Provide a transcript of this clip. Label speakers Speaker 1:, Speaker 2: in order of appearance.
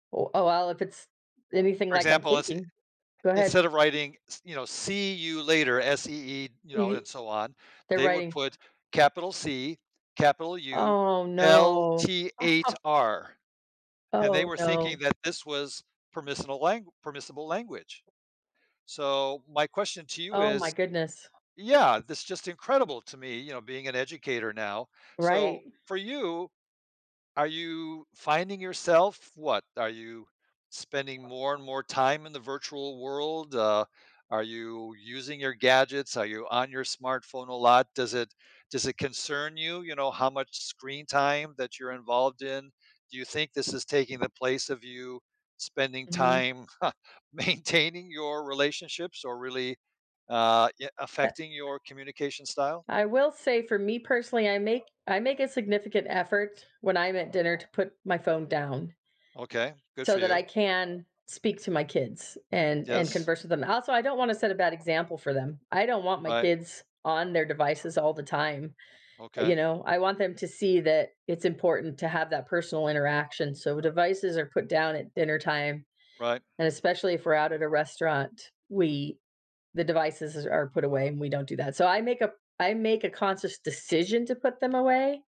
Speaker 1: O oh, well, if it's anything
Speaker 2: For
Speaker 1: like I'm
Speaker 2: example, is eh
Speaker 1: thinking Go ahead.
Speaker 2: instead of writing s you know, see you later S-E-E, you know,
Speaker 1: It i
Speaker 2: and so on,
Speaker 1: Their
Speaker 2: they would
Speaker 1: writing.
Speaker 2: put capital C, capital U,
Speaker 1: Oh, no.
Speaker 2: L-T-8-R, and they
Speaker 1: Oh,
Speaker 2: were thinking
Speaker 1: no.
Speaker 2: that this was permissible lang permissible language. So my question to you
Speaker 1: Oh my
Speaker 2: is
Speaker 1: goodness.
Speaker 2: Yeah, that's just incredible to me, you know, being an educator now. So
Speaker 1: Right.
Speaker 2: for you, are you finding yourself, what, are you spending more and more time in the virtual world? Uh, are you using your gadgets? Are you on your smartphone a lot? Does it does it concern you, you know, how much screen time that you're involved in? Do you think this is taking the place of you spending
Speaker 1: Mhm.
Speaker 2: time maintaining your relationships or really, uh, ye
Speaker 1: But
Speaker 2: affecting your communication style?
Speaker 1: I will say for me personally, I make I make a significant effort when I'm at dinner to put my phone down
Speaker 2: Okay. Good
Speaker 1: so
Speaker 2: for
Speaker 1: that I
Speaker 2: you.
Speaker 1: can speak to my kids and and
Speaker 2: Yes.
Speaker 1: converse with them. Also, I don't wanna set a bad example for them. I don't want my
Speaker 2: Right.
Speaker 1: kids on their devices all the time, you
Speaker 2: Okay.
Speaker 1: know? I want them to see that it's important to have that personal interaction, so devices are put down at dinner time.
Speaker 2: Right.
Speaker 1: And especially if we're out at a restaurant, we the devices are put away and we don't do that. So I make a I make a conscious decision to put them away.